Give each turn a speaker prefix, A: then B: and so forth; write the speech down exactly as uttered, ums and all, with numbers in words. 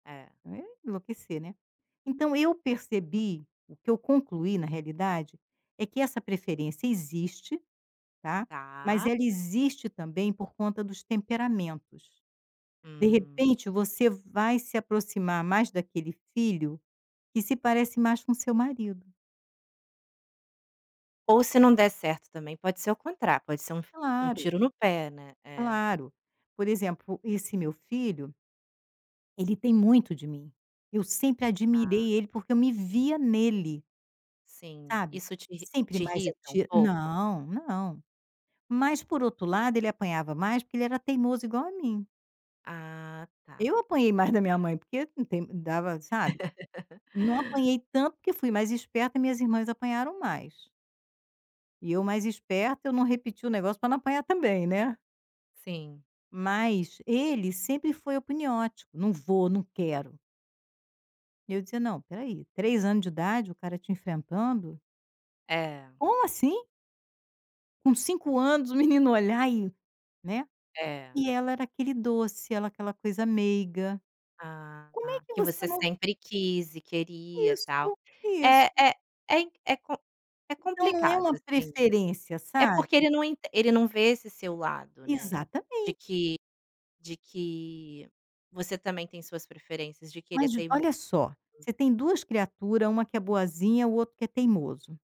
A: É.
B: Enlouquecer, né. Então eu percebi, o que eu concluí na realidade, é que essa preferência existe, tá, mas
A: Tá.
B: ela existe também por conta dos temperamentos. De
A: Hum.
B: repente você vai se aproximar mais daquele filho que se parece mais com o seu marido.
A: Ou se não der certo também pode ser ao contrário, pode ser um um
B: Claro.
A: tiro no pé, né. É.
B: Claro, por exemplo esse meu filho ele tem muito de mim, eu sempre admirei
A: Tá.
B: ele porque eu me via nele.
A: Sim,
B: Sabe?
A: isso te
B: Sempre
A: te
B: mais
A: irrita um
B: atir
A: pouco?
B: não, não, mas por outro lado ele apanhava mais porque ele era teimoso igual a mim.
A: Ah, tá.
B: Eu apanhei mais da minha mãe porque não tem dava sabe, não apanhei tanto, porque eu fui mais esperta, minhas irmãs apanharam mais. E eu mais esperta eu não repeti o negócio para não apanhar também, né.
A: Sim.
B: Mas ele sempre foi apuniódico, "não vou, não quero". E eu dizia não, espera aí, três anos de idade o cara te enfrentando?
A: É.
B: Como assim? Com cinco anos o menino olhar e né.
A: É.
B: E ela era aquele doce, ela aquela coisa meiga,
A: Ah
B: como é
A: tá,
B: que
A: que
B: você
A: você
B: não
A: sempre quis e queria tal.
B: Isso,
A: É
B: isso.
A: é é é com é
B: Então não é
A: complicado
B: uma
A: assim.
B: preferência,
A: É
B: sabe?
A: porque ele não enten ele não vê esse seu lado, né. De
B: Exatamente.
A: que de que, você também tem suas preferências, de querer
B: Mas
A: até imo
B: olha só, você tem duas criatura, uma que é boazinha o outro que é teimoso.